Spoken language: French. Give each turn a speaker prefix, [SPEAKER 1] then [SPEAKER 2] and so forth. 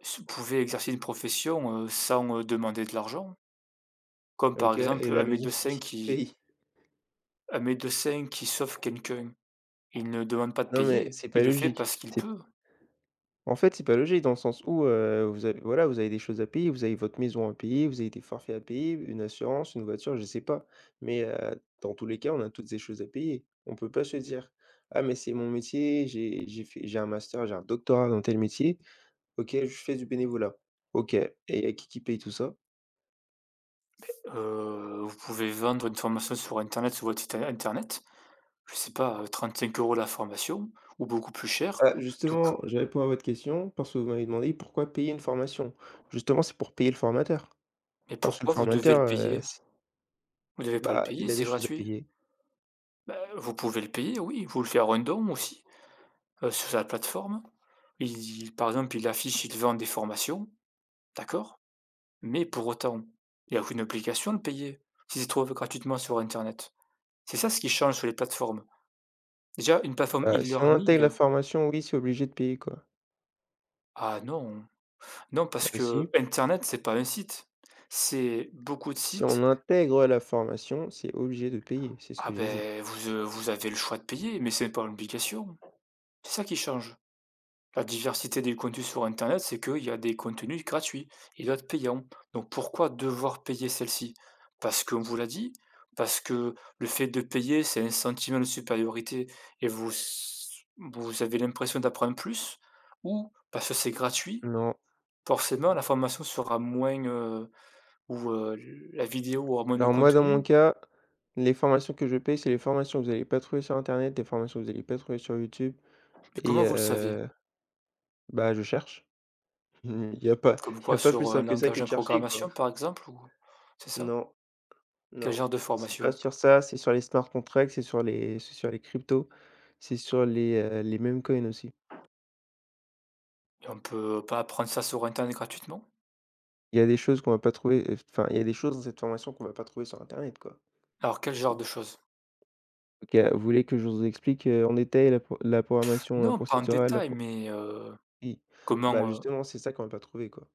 [SPEAKER 1] S pouvais exercer une profession, heu, sans, heu, demander de l'argent comme par
[SPEAKER 2] OK, et
[SPEAKER 1] exemple
[SPEAKER 2] la
[SPEAKER 1] un
[SPEAKER 2] maison, c'est
[SPEAKER 1] médecin
[SPEAKER 2] qui qui
[SPEAKER 1] qui
[SPEAKER 2] paye?
[SPEAKER 1] un médecin qui sauve quelqu'un, il ne demande pas de
[SPEAKER 2] Non mais,
[SPEAKER 1] payer,
[SPEAKER 2] c'est pas
[SPEAKER 1] il le fait
[SPEAKER 2] logique.
[SPEAKER 1] parce qu'il
[SPEAKER 2] C'est
[SPEAKER 1] peut.
[SPEAKER 2] en fait, c'est pas logique dans le sens où, heu, vous avez voilà, vous avez des choses à payer. Vous avez votre maison à payer, vous avez des forfaits à payer, une assurance, une voiture, je sais pas. Mais, heu, dans tous les cas, on a tous ces choses à payer. On peut pas se dire: «Ah mais c'est mon métier, j'ai j'ai fait j'ai un master, j'ai un doctorat dans tel métier. OK, je fais du bénévolat.» OK et il y a qui, qui paye tout ça?
[SPEAKER 1] Heu, vous pouvez vendre une formation sur internet sur votre site in internet, je sais pas, heu, 35€ la formation ou beaucoup plus cher
[SPEAKER 2] Bah
[SPEAKER 1] donc
[SPEAKER 2] justement! Je répond à votre question, parce que vous m'avez demandé pourquoi payer une formation. Justement, c'est pour payer le formateur
[SPEAKER 1] Et
[SPEAKER 2] parce que le
[SPEAKER 1] pourquoi vous devez
[SPEAKER 2] formateur,
[SPEAKER 1] le
[SPEAKER 2] heu,
[SPEAKER 1] payer?
[SPEAKER 2] s
[SPEAKER 1] Vous devez pas le
[SPEAKER 2] Bah,
[SPEAKER 1] payer,
[SPEAKER 2] il a des
[SPEAKER 1] c'est
[SPEAKER 2] choses à
[SPEAKER 1] gratuit.
[SPEAKER 2] payer.
[SPEAKER 1] Bah vous pouvez le payer, oui, vous le faire un don aussi, heu, sur la plateforme. Il par exemple il affiche, il vend des formations, d'accord. Mais pour autant, il y a aucune obligation de payer. Si ils se trouvent, heu, gratuitement sur internet. C'est ça, ce qui change sur les plateformes, déjà une plateforme
[SPEAKER 2] Bah, si on intègre la
[SPEAKER 1] e-learning
[SPEAKER 2] formation, oui, c'est obligé de payer, quoi.
[SPEAKER 1] Ah non! Non parce
[SPEAKER 2] Bah si!
[SPEAKER 1] qu'internet c'est pas un site, c'est beaucoup de
[SPEAKER 2] Si
[SPEAKER 1] sites.
[SPEAKER 2] on intègre, heu, la formation, c'est obligé de payer, c'est ce
[SPEAKER 1] Ah
[SPEAKER 2] que j'ai dit.
[SPEAKER 1] beh, vous heu, vous avez le choix de payer, mais c'est pas l'obligation. C'est ça qui change, la diversité des contenus sur internet, c'est qu'il y a des contenus gratuits et d'autres payant, donc pourquoi devoir payer celle-ci? Parce qu'on vous l'a dit? Parce que, le fait de payer c'est un sentiment de supériorité et vous s vous avez l'impression d'apprendre plus? Ou parce que c'est gratuit,
[SPEAKER 2] Non.
[SPEAKER 1] forcément
[SPEAKER 2] O
[SPEAKER 1] la formation sera moins, heu ou, heu, l la vidéo aura moins de
[SPEAKER 2] Alors moi dans
[SPEAKER 1] contenu?
[SPEAKER 2] mon cas, les formations que je paie, c'est les formations que vous allez pas trouver sur internet. Des formations que vous allez pas trouver sur YouTube
[SPEAKER 1] Mais
[SPEAKER 2] et
[SPEAKER 1] comment vous le savez?
[SPEAKER 2] heu, bah, je cherche. Il y a pas
[SPEAKER 1] Comme
[SPEAKER 2] il y a
[SPEAKER 1] quoi?
[SPEAKER 2] pas plus
[SPEAKER 1] Sur, heu, un
[SPEAKER 2] simple que ça,
[SPEAKER 1] langage
[SPEAKER 2] que
[SPEAKER 1] de
[SPEAKER 2] de chercher, quoi.
[SPEAKER 1] programmation par exemple ou c'est ça?
[SPEAKER 2] Non.
[SPEAKER 1] Quel
[SPEAKER 2] Non,
[SPEAKER 1] genre de
[SPEAKER 2] c'est pas
[SPEAKER 1] formation?
[SPEAKER 2] sur ça, c'est sur les smart contract, c'est sur les c'est sur les cryptos, c'est sur les, heu les meme-coins aussi.
[SPEAKER 1] Et on peut pas apprendre ça sur internet, gratuitement?
[SPEAKER 2] Il y a des choses qu'on va pas trouver et enfin, il y a des choses dans cette formation qu'on va pas trouver sur internet, quoi.
[SPEAKER 1] Alors, quel genre de chose?
[SPEAKER 2] OK, vous voulez que je vous explique, heu, en détail la pro la programmation, heu,
[SPEAKER 1] Non pas en
[SPEAKER 2] procédurale, la
[SPEAKER 1] détail
[SPEAKER 2] pro
[SPEAKER 1] mais heu
[SPEAKER 2] oui, bah,
[SPEAKER 1] comment, heu
[SPEAKER 2] justement, c'est ça qu'on va pas trouvé quoi.